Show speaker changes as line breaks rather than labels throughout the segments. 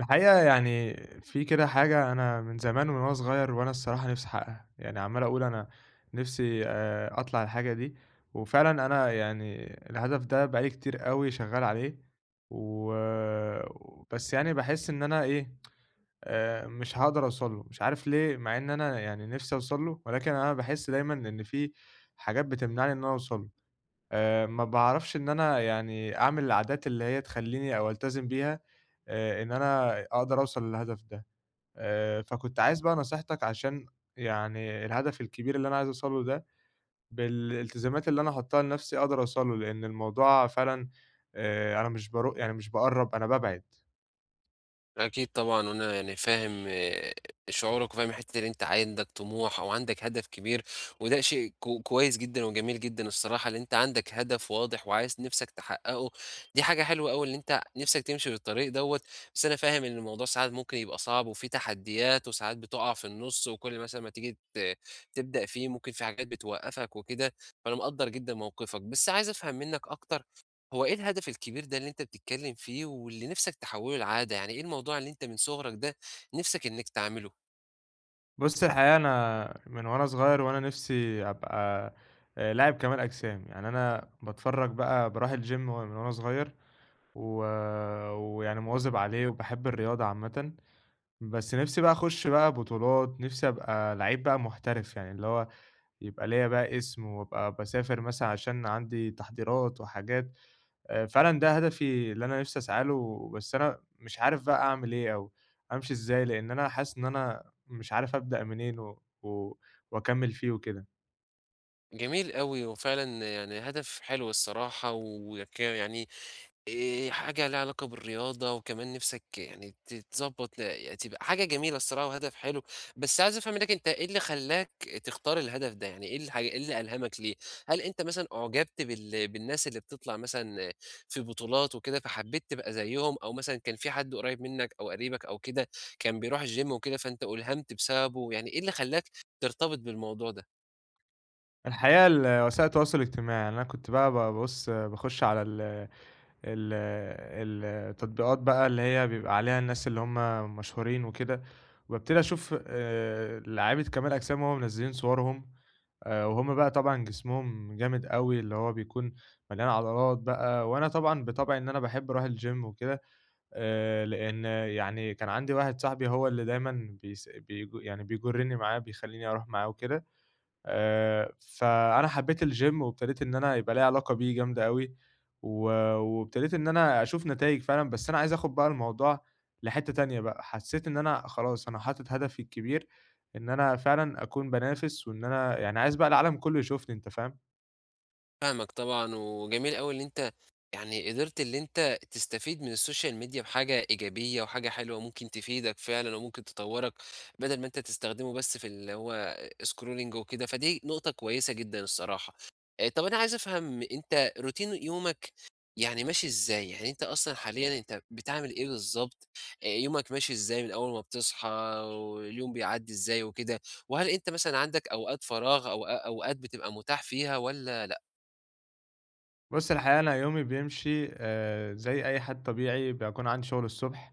الحقيقة يعني في كده حاجة أنا من زمان من وأنا صغير وأنا الصراحة نفسي أحقّقها. يعني عمّال أقول أنا نفسي آآ أطلع الحاجة دي. وفعلًا أنا يعني الهدف ده بقى لي كتير أوي شغّال عليه. و بس يعني باحس إن أنا إيه، آآ مش هاقدر أوصل له. مش عارف ليه؟ مع إن أنا يعني نفسي أوصل له، ولكن أنا باحس دايمًا إن في حاجات بتمنعني إن أنا أوصل له. آآ ما باعرفش إن أنا يعني أعمل العادات اللي هي تخلّيني أو ألتزم بيها، آآ إن أنا أقدر أوصل للهدف ده. آآ فكنت عايز بقى نصيحتك عشان يعني الهدف الكبير اللي أنا عايز أوصل له ده بالالتزامات اللي أنا هاحُطّها لنفسي، أقدر أوصل له. لإن الموضوع فعلًا آآ أنا مش بَروق يعني مش باقرَّب، أنا بابعد.
أكيد طبعًا. وأنا يعني فاهم شعورك وفاهم الحتّة دي إن أنت عندك طموح أو عندك هدف كبير، وده شيء ك كويس جدًا وجميل جدًا الصراحة، إن أنت عندك هدف واضح وعايز نفسك تحقّقه. دي حاجة حلوة أوي إن أنت نفسك تمشي في الطريق دوّة. بس أنا فاهم إن الموضوع ساعات ممكن يبقى صعب، وفيه تحديّات وساعات بتُقَع في النُص وكل مثلًا ما تيجي ت تبدأ فيه، ممكن في حاجات بتوقّفك وكده، فأنا مقدَّر جدًا موقفك. بس عايز أفهم منّك أكتر، هو إيه الهدف الكبير ده اللي أنت بتتكلّم فيه واللي نفسك تحوّله لعادة؟ يعني إيه الموضوع اللي أنت من صُغرك ده نفسك إنّك تعمله؟
بُص الحقيقة أنا من وأنا صغير وأنا نفسي أبقى لاعب كمال أجسام، يعني أنا باتفرج بقى بارُوح الGym من وأنا صغير، و ويعني مواظب عليه وباحب الرياضة عامةً. بس نِفسي بقى أخش بقى بطولات، نِفسي أبقى لعيب بقى محترف يعني اللي هو، يبقى ليّا بقى اسم وأبقى باسافر مثلًا عشان عندي تحضيرات وحاجات. آآ فعلًا ده هدفي اللي أنا نِفسي أسعى له، بس أنا مش عارف بقى أعمل إيه، أو أمشي إزاي، لإن أنا حاسس إن أنا مش عارف أبدأ منين و و وأكمّل فيه وكده.
جميل أوي وفعلًا يعني هدف حلو الصراحة ويكا يعني، آآ حاجة ليها علاقة بالرياضة وكمان نِفسك يعني تتضّبط ل تبقى حاجة جميلة الصراحة وهدف حلو. بس عايز أفهم منك أنت إيه اللي خلّاك تختار الهدف ده، يعني إيه الحا إيه اللي ألهمك ليه؟ هل أنت مثلًا أُعجبت بال بالناس اللي بتطَلع مثلًا في بطولات وكده فحبّيت تبقى زيهم، أو مثلًا كان في حد قُريب منك أو قريبك أو كده، كان بيرُوح الGym وكده فأنت أُلهمت بسببه، يعني إيه اللي خلّاك ترتبط بالموضوع ده؟
الحقيقة الوسائل التواصل الاجتماعي، إن أنا كنت بقى بابُص باخش على ال ال التطبيقات بقى اللي هي بيبقى عليها الناس اللي هُم مشهورين وكده، وأبتدي أشوف آآ لعيبة كمال أجسام وهُم منزلّين صوَرهم، آآ وهُم بقى طبعًا جسمهم جامد أوي اللي هو بيكون، مليان عضلات بقى وأنا طبعًا بطبعي إن أنا باحب أروح الGym وكده، آآ لإن يعني كان عندي واحد صاحبي هو اللي دايمًا بيس بيج يعني بيجرّني معاه بيخلّيني أروح معاه وكده، آآ فأنا حبّيت الGym وإبتديت إن أنا يبقى ليّا علاقة بيه جامدة أوي، و وابتديت إن أنا أشوف نتايج فعلًا بس أنا عايز آخد بقى الموضوع لحتّة تانية بقى، حسّيت إن أنا خلاص، أنا حاطط هدفي الكبير، إن أنا فعلًا أكون بانافس، وإن أنا يعني عايز بقى العالم كله يشوفني أنت فاهم؟
فاهمك طبعًا وجميل أوي إن أنت، يعني قدِرت اللي أنت تستفيد من الSocial media بحاجة إيجابية، وحاجة حلوة ممكن تفيدك فعلًا وممكن تطوّرك، بدل ما أنت تستخدمه بس في اللي هو scrolling وكده، فدي نقطة كويسة جدًا الصراحة، آآ طب أنا عايز أفهم، أنت Routine يومك يعني ماشي إزاي، يعني أنت أصلًا حاليًا أنت بتعمِل إيه بالضبط، آآ يومك ماشي إزاي من أول ما بتصحى واليوم بيعدّي إزاي وكده؟ وهل أنت مثلًا عندك أوقات فراغ أوقا أوقات بتبقى متاح فيها والّا لأ؟
بُص الحقيقة أنا يومي بيمشي، آآ زي أي حد طبيعي، باكون عندي شغل الصُبح،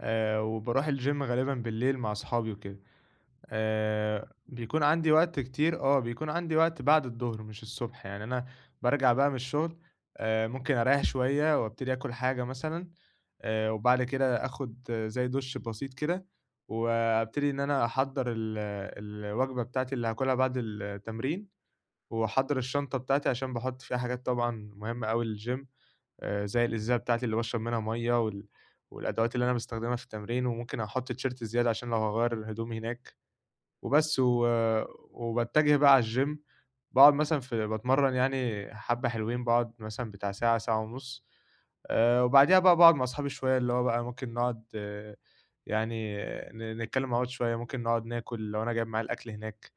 آآ وباروح الGym غالبًا بالليل مع صحابي وكده. آآ بيكون عندي وقت كتير، آه بيكون عندي وقت بعد الضُهر مش الصُبح يعني أنا، بارجَع بقى من الشغل، آآ ممكن أريّح شوية، وأبتدي آكُل حاجة مثلًا، آآ وبعد كده آخد زي دُش بسيط كده، وأبتدي إن أنا أحضّر ال الوجبة بتاعتي اللي هاكلها بعد التمرين، وأحضّر الشنطة بتاعتي عشان باحط فيها حاجات طبعًا مهمة أوي للGym آآ زي الإزازة بتاعتي اللي باشرب منها مَيّة، وال والأدوات اللي أنا باستخدمها في التمرين، وممكن أحط تيشيرت زيادة عشان لو هاغيّر الهُدوم هناك، وبس و وباتّجه بقى على الGym باقعد مثلًا في باتمرّن يعني حبَّة حلوين، باقعد مثلًا بتاع ساعة، ساعة ونُص. آآ وبعديها بقى باقعد ما أصحابي شوية اللي هو بقى ممكن نقعد، يعني ن نتكلم مع بعض شوية، ممكن نقعد ناكل لو أنا جايب معايا الأكل هناك،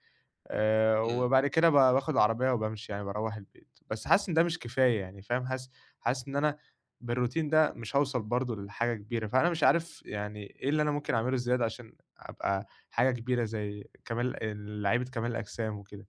آآ
إمم.
وبعد كده ب باخد العربية وبامشي يعني باروّح البيت. بس حاسس إن ده مش كفاية يعني فاهم؟ حاسس حاسس إن أنا بالRoutine ده مش هاوصَل برضه ل لحاجة كبيرة. فأنا مش عارف يعني إيه اللي أنا ممكن أعمله زيادة، عشان أبقى حاجة كبيرة زي كمال ال لعيبة كمال الأجسام وكده.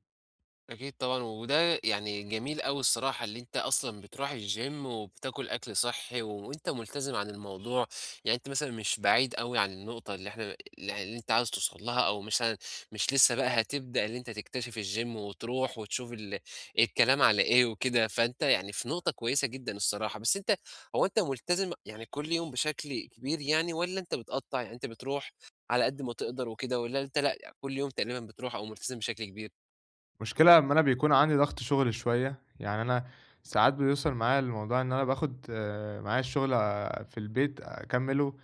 أكيد طبعًا، وده يعني جميل أوي الصراحة اللي أنتَ أصلًا بتروح الچيم، وبتاكل أكل صحي، وأنتَ ملتزم عن الموضوع، يعني أنتَ مثلًا مش بعيد أوي عن النقطة اللي إحنا اللي اللي أنتَ عايز توصل لها، أو مثلًا مش لسه بقى هتبدأ اللي أنتَ تكتشف الچيم، وتروح وتشوف ال الكلام على إيه وكده، فأنتَ يعني في نقطة كويسة جدًا الصراحة، بس أنتَ هو أنتَ ملتزم يعني كل يوم بشكل كبير يعني، والّا أنتَ بتقطّع يعني أنتَ بتروح على قد ما تقدر وكده، والّا أنتَ لأ كل يوم تقريبًا بتروح أو ملتزم بشكل كبير؟
المشكلة أما أنا بيكون عندي ضغط شغل شوية، يعني أنا ساعات بيوصل معايا الموضوع إن أنا باخد معايا الشغل في البيت أكمّله،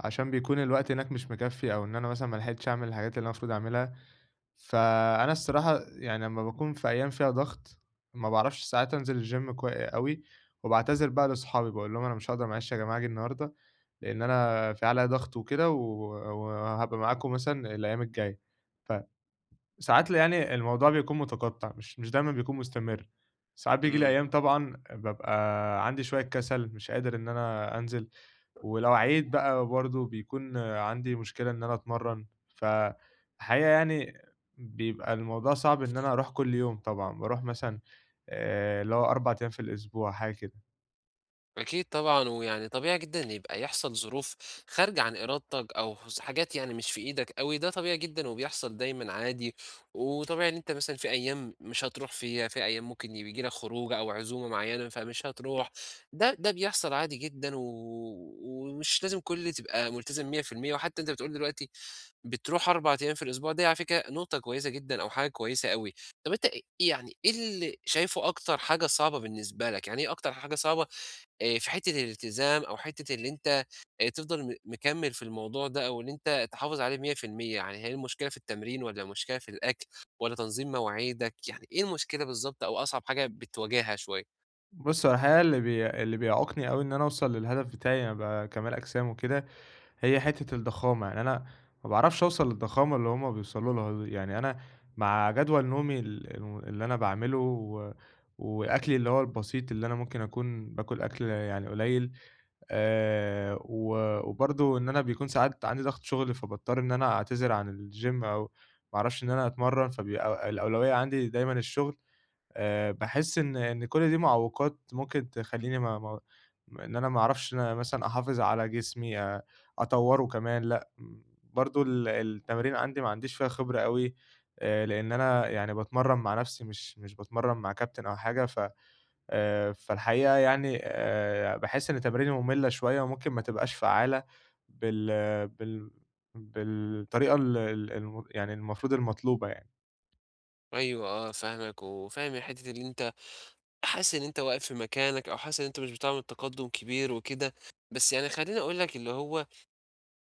عشان بيكون الوقت هناك مش مِكفّي، أو إن أنا مثلًا ما لحقتش أعمل الحاجات اللي أنا المفروض أعملها، فَأنا الصراحة يعني أمّا باكون في أيام فيها ضغط، ما باعرفش ساعات أنزل الچيم، كو أوي، وباعتذر بقى لأصحابي، باقول لهم أنا مش هاقدر معلش يا جماعة اجي النهاردة، لأن أنا في عليّا ضغط وكده، و وهابقى معاكم مثلًا الأيام الجاية، فساعات ال يعني الموضوع بيكون مُتقطّع مش مش دايمًا بيكون مستمر. ساعات بييجي لي
إمم.
أيام طبعًا بابقى عندي شوية كسل، مش قادر إن أنا أنزل ولو عِييت بقى برضه بيكون عندي مشكلة إن أنا أتمرن، فَالحقيقة يعني بيبقى الموضوع صعب إن أنا أروح كل يوم طبعًا، باروح مثلًا آآ اللي هو 4 أيام في الأسبوع، حاجة كده.
أكيد طبعًا، ويعني طبيعي جدًا إن يبقى يحصل ظروف خارجة عن إرادتك أو س حاجات يعني مش في إيدك أوي، ده طبيعي جدًا وبيحصل دايمًا عادي، وطبيعي إن أنت مثلًا في أيّام مش هترُوح فيها، في أيّام ممكن ي بييجي لك خروجة أو عزومة معيّنة فمش هترُوح، ده ده بيحصل عادي جدًا، و ومش لازم كُلّ تبقى ملتزم 100%، وحتّى أنت بتقول دلوقتي بتروح 4 أيّام في الأسبوع، دي على فكرة نقطة كويّسة جدًا أو حاجة كويّسة أوي. طب أنت أ أ يعني إيه اللي شايفه أكتر حاجة صعبة بالنسبة لك، يعني إيه أكتر حاجة صعبة آآ، في حتّة الالتزام، أو حتّة إن أنت آآ تفضَل م مكمّل في الموضوع ده، أو إن أنت تحافظ عليه 100%، يعني هي المشكلة في التمرين، والّا مشكلة في الأكْل، والّا تنظيم مواعيدك؟ يعني إيه المشكلة بالضبط، أو أصعب حاجة بتواجهها شويّة؟
بُصّ، هو الحقيقة اللي بي اللي بيعوقني أوي إن أنا أوصل للهدف بتاعي إني ابقى كمال أجسام وكده هي حتّة الضخامة، يعني أنا ما باعرفش أوصل للضخامة اللي هُم بيوصلوا لها دي، يعني أنا مع جدول نومي ال الم اللي أنا باعمله، و وأكلي اللي هو البسيط، اللي أنا ممكن أكون باكل أكْل يعني قليل، آآ، و وبرضو إن أنا بيكون ساعات عندي ضغط شغل فباضطر إن أنا أعتذر عن الجيم أو ما اعرفش إن أنا أتمرن، فبيبقى الأولوية عندي دايمًا الشغل. آآ، باحس إن إن كُلّ دي معوّقات ممكن تخليني ما ما ما إن أنا ما أعرفش إن أنا مثلًا أحافظ على جسمي، آآ، أطوره كمان لأ، امم، برضو ال التمارين عندي ما عنديش فيها خبرة أوي آآ، لأن أنا يعني باتمرن مع نفسي، مش مش باتمرن مع كابتن أو حاجة، ف آآ، فالحقيقة يعني آآ، باحس إن تماريني مُمّلة شوية وممكن ما تبقاش فعالة بال بال بالطريقة ال ال الم يعني المفروض المطلوبة يعني.
أيوه آه فاهمك. وفاهم الحتّة أن أنت حاسس إن أنت واقف في مكانك، أو حاسس إن أنت مش بتعمل تقدُّم كبير وكده. بس يعني خلّيني أقول لك اللي هو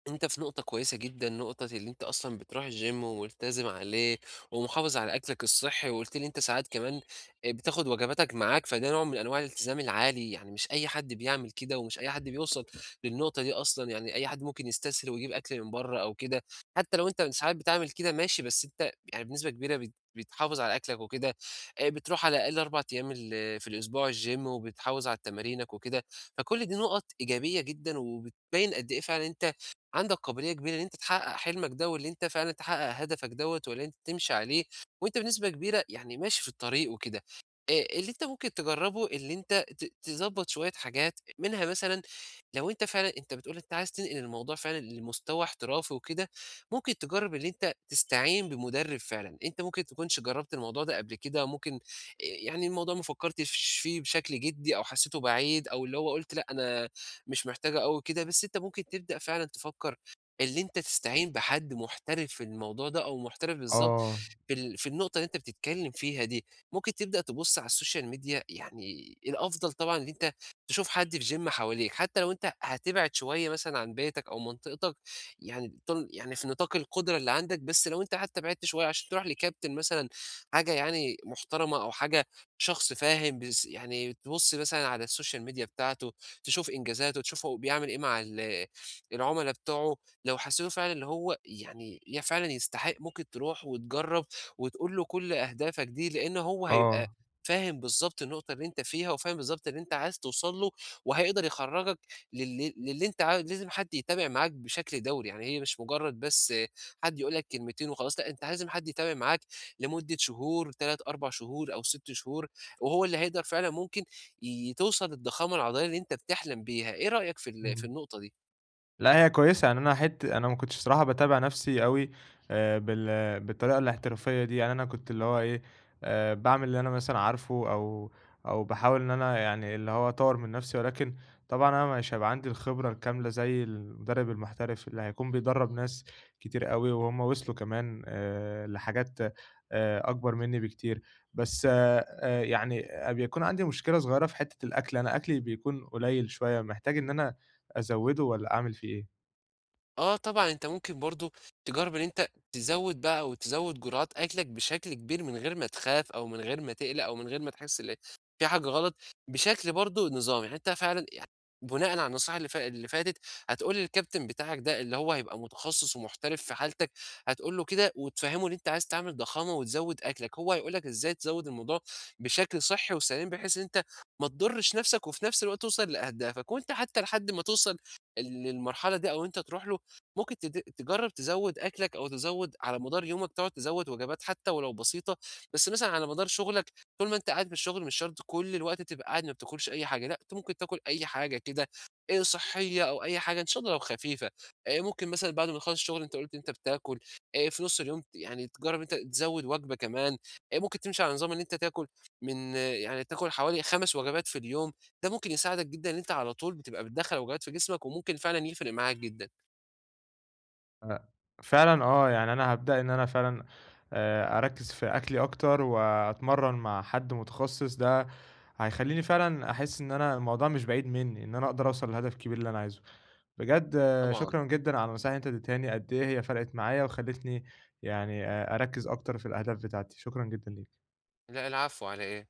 أنت في نُقطة كويسة جدًا، نُقطة أن أنت أصلًا بتروح الgym وملتزم عليه ومحافظ على أكلك الصحّي، وقُلت لي إن أنت ساعات كمان آآ بتاخُد وجباتك معاك، فده نوع من أنواع الالتزام العالي. يعني مش أي حد بيعمل كده، ومش أي حد بيوصل للنُقطة دي أصلًا. يعني أي حد ممكن يستسهل ويجيب أكل من برّه أو كده. حتّى لو أنت ساعات بتعمل كده ماشي، بس أنت يعني بنسبة كبيرة بت بتحافظ على أكلك وكده. آآ بتروح على الأقل 4 أيام ال في الأسبوع الgym وبتحافظ على تمارينك وكده. فكل دي نُقَط إيجابية جدًا، وبتبيّن قد إيه فعلًا أنت عندك قابلية كبيرة أن أنت تحقّق حلمك ده، واللي أنت فعلًا تتحقّق هدفك دوّة واللي أنت تمشي عليه. وأنت بنسبة كبيرة يعني ماشي في الطريق وكده. أ اللي أنت ممكن تجرّبه، اللي أنت ت تضبّط شوية حاجات. منها مثلًا لو أنت فعلًا أنت بتقول أنت عايز تنقل الموضوع فعلًا لمستوى احترافي وكده، ممكن تجرّب اللي أنت تستعين بمٌدرِّب فعلًا. أنت ممكن تكُونش جرّبت الموضوع ده قبل كده، ممكن آآ يعني الموضوع ما فكّرتش فيه بشكل جِدّي، أو حسّيته بعيد أو اللي هو قُلت لأ أنا مش محتاجه أوي كده، بس أنت ممكن تبدأ فعلًا تفكّر اللي أنت تستعين بحد محترف في الموضوع ده أو محترف بالضبط
آه.
في ال في النُقطة اللي أنت بتتكلّم فيها دي. ممكن تبدأ تبُص على السوشيال ميديا يعني الأفضل طبعًا أن أنت تشوف حد في gym حواليك. حتّى لو أنت هتبعد شوية مثلًا عن بيتك أو منطقتك. يعني تن يعني في نِطاق القُدرة اللي عندك. بس لو أنت حتّى بعدت شوية عشان تروح لكابتن مثلًا حاجة يعني محترمة أو حاجة شخص فاهم بيس يعني تبُص مثلًا على السوشيال ميديا بتاعته، تشوف إنجازاته، تشوفه هو بيعمل إيه مع ال العملا بتوعه. لو حسّيته فعلًا اللي هو يعني فعلًا يستحق، ممكن تروح وتجرّب وتقول له كل أهدافك دي، لإن هو هيبقى
آه.
فاهم بالضبط النُقطة اللي أنت فيها، وفاهم بالضبط اللي أنت عايز توصل له، وهيقدر يخرّجك لل للي أنت عايز لازم حد يتابع معاك بشكل دَوري. يعني هي مش مُجرّد بس حد يقول لك كلمتين وخلاص، لأ أنت لازم حد يتابع معاك لمدة شهور 3، 4 شهور أو 6 شهور، وهو اللي هيقدر فعلًا ممكن ي توصل للضخامة العضلية اللي أنت بتحلم بيها. إيه رأيك في ال في
إمم.
النُقطة دي؟
لأ هي كويسة. يعني أنا حت أنا ما كنتش بصراحة باتابع نفسي أوي آآ بال بالطريقة الاحترافية دي. يعني أنا كنت اللي هو إيه، آآ باعمل اللي أنا مثلًا عارفه، أو أو باحاول إن أنا يعني اللي هو أطوّر من نفسي. ولكن طبعًا أنا مش هيبقى عندي الخبرة الكاملة زي المُدرِّب المحترف اللي هيكون بيدرَّب ناس كتير أوي. وهم وصلوا كمان آآ لحاجات آآ أكبر منّي بكتير. بس أ يعني أ بيكون عندي مشكلة صغيرة في حتّة الأكل. أنا أكلي بيكون قليل شوية، محتاج إن أنا أزَوِّده والّا أعمل فيه إيه؟
آه طبعًا، أنت ممكن برضه تجرب إن أنت تزود بقى أو تزود جُرعات أكلك بشكل كبير من غير ما تخاف أو من غير ما تقلق أو من غير ما تحس ال في حاجة غلط، بشكل برضه نظامي، حتى فعلًا يع بُناءً على النصيحة اللي فا اللي فاتت، هتقول للكابتن بتاعك ده اللي هو هيبقى متخصص ومحترف في حالتك، هتقول له كده وتفهِمه إن أنت عايز تعمل ضخامة وتزود أكلك، هو هيقول لك إزاي تزود الموضوع بشكل صحّي وسليم، بحيث إن أنت ما تضرش نفسك وفي نفس الوقت توصل لأهدافك، وأنت حتى لحد ما توصل، ال للمرحلة دي أو أنت تروح له، ممكن تد تجرب تزود أكلك أو تزود على مدار يومك تقعد تزود وجبات حتى ولو بسيطة، بس مثلًا على مدار شغلك طول ما أنت قاعد في الشغل مش شرط كل الوقت تبقى قاعد ما بتاكلش أي حاجة، لأ، أنت ممكن تاكل أي حاجة كده، آآ صحية أو أي حاجة إن شا الله لو خفيفة، آآ ممكن مثلًا بعد ما نخلص الشغل أنت قُلت أنت بتاكل، آآ في نص اليوم ت يعني تجرب إن أنت تزود وجبة كمان، آآ ممكن تمشي على نظام إن أنت تاكل من يعني تاكل حوالي 5 وجبات في اليوم، ده ممكن يساعدك جدًا إن أنت على طول بتبقى بتدخّل وجبات في جسمك وممكن فعلًا يفرق معاك جدًا.
أ فعلًا آه، يعني أنا هابدأ إن أنا فعلًا آآ أركِز في أكلي أكتر وأتمرن مع حد متخصص، ده هيخلّيني فعلًا أحس إن أنا الموضوع مش بعيد منّي، إن أنا أقدر أوصل لهدف كبير اللي أنا عايزه. بجد
طبعًا.
شكرًا جدًا على النصايح اللي أنت اديتهاني، قد إيه هي فرقت معايا وخلّيتني يعني آآ أركِز أكتر في الأهداف بتاعتي، شكرًا جدًا ليك.
لأ العفو، على إيه؟